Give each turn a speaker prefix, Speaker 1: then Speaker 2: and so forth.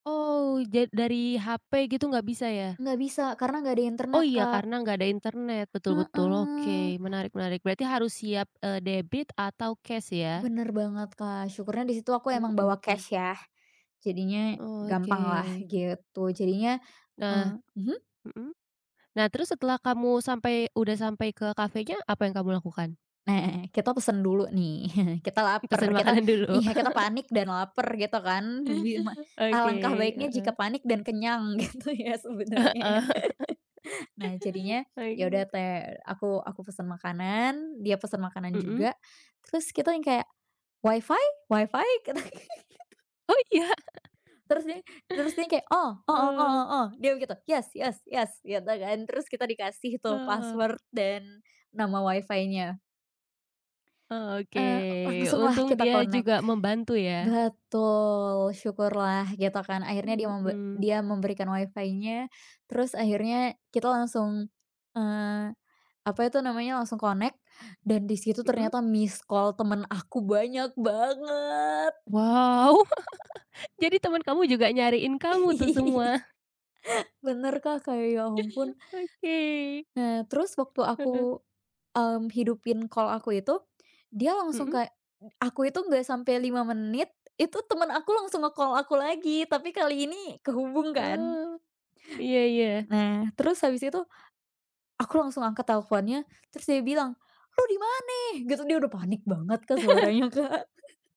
Speaker 1: Oh ja dari hape gitu, nggak bisa ya?
Speaker 2: Nggak bisa, karena gak ada
Speaker 1: Oh
Speaker 2: internet
Speaker 1: iya
Speaker 2: Kak.
Speaker 1: karena nggak ada internet, betul betul
Speaker 2: Heeh.
Speaker 1: oke, menarik menarik, berarti harus siap, eee, debit atau cash ya?
Speaker 2: Bener banget Kak, syukurnya disitu aku emang bawa
Speaker 1: Mhm.
Speaker 2: cash ya, jadinya
Speaker 1: Oh,
Speaker 2: gampang lah
Speaker 1: oke.
Speaker 2: gitu. Jadinya
Speaker 1: Nah
Speaker 2: eee, mhm?
Speaker 1: mhm? Nah terus setelah kamu sampai udah sampai ke kafenya, apa yang kamu lakukan?
Speaker 2: Nah, kita pesen dulu nih kita laper,
Speaker 1: Pesen
Speaker 2: kita
Speaker 1: makanan dulu.
Speaker 2: iya kita panik dan laper gitu kan bi ma
Speaker 1: Oke,
Speaker 2: alangkah baiknya
Speaker 1: heeh.
Speaker 2: jika panik dan kenyang gitu ya sebenernya
Speaker 1: Heeh.
Speaker 2: ya. Nah jadinya ya udah
Speaker 1: Oke.
Speaker 2: te aku aku pesen makanan, dia pesen makanan
Speaker 1: Mhm.
Speaker 2: juga terus kita tuh yang kayak, WiFi? WiFi? Kita gitu.
Speaker 1: Oh iya?
Speaker 2: Terus dia terus dia yang kayak, "Oh oh oh
Speaker 1: Oh.
Speaker 2: oh" dia begitu "yes yes yes" gitu kan, terus kita dikasih tuh
Speaker 1: Oh.
Speaker 2: password dan nama WiFi-nya.
Speaker 1: Oh oke,
Speaker 2: Eee, langsung lah
Speaker 1: untung
Speaker 2: kita
Speaker 1: dia
Speaker 2: connect.
Speaker 1: juga membantu ya?
Speaker 2: Betul, syukurlah gitukan akhirnya dia membe
Speaker 1: Mhm.
Speaker 2: dia memberikan WiFi-nya terus akhirnya kita langsung, eee, apa itu namanya, langsung connect dan disitu
Speaker 1: Mhm.
Speaker 2: ternyata misscall temen aku banyak banget.
Speaker 1: Wow jadi temen kamu juga nyariin kamu tuh semua?
Speaker 2: Bener Kak, kayak ya ampun.
Speaker 1: Oke.
Speaker 2: Nah terus waktu
Speaker 1: Heeh.
Speaker 2: aku, mmm, hidupin call aku itu, dia langsung
Speaker 1: Mhm.
Speaker 2: kayak, eee, aku itu nggak sampai 5 menit, itu temen aku langsung nge-call aku lagi tapi kali ini kehubung kan.
Speaker 1: Oh. Iya iya.
Speaker 2: Nah terus habis itu, aku langsung angkat teleponnya, terus dia bilang, "Lo dimana?" Gitu, dia udah panik banget Kak suaranya, Kak.